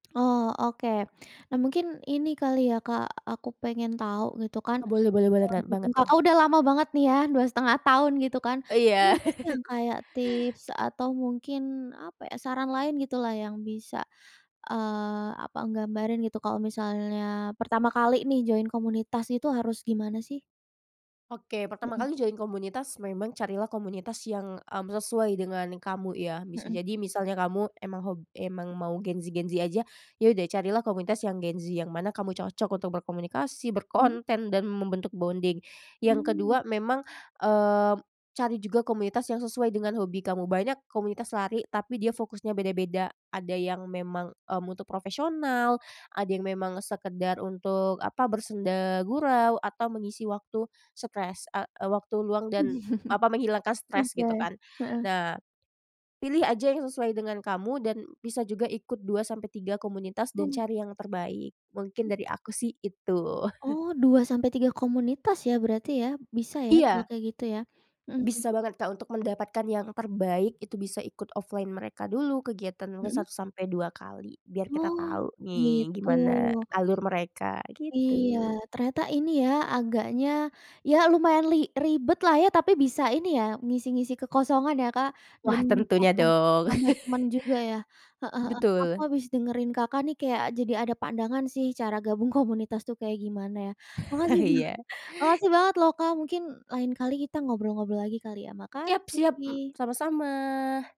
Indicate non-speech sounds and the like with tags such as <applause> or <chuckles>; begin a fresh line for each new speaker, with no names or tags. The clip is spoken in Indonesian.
Oh, oke. Nah, mungkin ini kali ya, Kak, aku pengen tahu gitu kan,
Oh, boleh boleh boleh, ngan banget
<unintelligible>
tuh.
Kakak udah lama banget nih ya, 2,5 tahun gitu kan.
Oh,
Ada
iya.
nggak sih yang
<laughs>
kayak tips atau mungkin, apa ya, saran lain gitulah yang bisa, eee, apa gambarin gitu kalau misalnya pertama kali nih join komunitas itu harus gimana sih?
Oke, pertama
Mhm.
kali join komunitas memang carilah komunitas yang, mmm, sesuai dengan kamu ya. Bisa
Mhm.
jadi misalnya kamu emang hob emang mau Gen Z-Gen Z aja, ya udah carilah komunitas yang Gen Z yang mana kamu cocok untuk berkomunikasi,
Hmm.
berkonten dan membentuk bonding. Yang
Mmm.
kedua, memang, eee, cari juga komunitas yang sesuai dengan hobi kamu. Banyak komunitas lari tapi dia fokusnya beda-beda, ada yang memang, mmm, untuk profesional, ada yang memang sekedar untuk, apa, bersenda gurau atau mengisi waktu stres, a waktu luang dan, apa, menghilangkan
<chuckles>
stres gitu
Oke.
kan.
Heeh.
Nah, pilih aja yang sesuai dengan kamu dan bisa juga ikut 2 sampai 3 komunitas dan
Oh.
cari yang terbaik. Mungkin
Mmm.
dari aku sih itu. <chuckles>
Oh 2, sampai 3 komunitas ya berarti ya? Bisa ya kalau
Iya.
kayak gitu ya? Mhm mhm.
Bisa banget, Kak, untuk mendapatkan yang terbaik, itu bisa ikut offline mereka dulu kegiatan mungkin
Mhm.
1 sampai 2 kali, biar kita
Oh,
tahu nih
gitu.
gimana alur mereka, gitu.
Iya, ternyata ini ya, agaknya ya lumayan li ribet lah ya, tapi bisa ini ya ngisi-ngisi kekosongan ya, Kak, dan
Wah,
juga
tentunya
nambah
dong.
nambah temen
<chuckles>
juga ya. Heeh heeh. Aku
Betul.
habis dengerin Kakak nih kayak jadi ada pandangan sih cara gabung komunitas tuh kayak gimana ya.
<chuckles>
Makasih banget
Iya.
makasih banget loh, Kak. Mungkin lain kali kita ngobrol-ngobrol lagi kali ya.
Siap siap, m
Makasih.
sama-sama.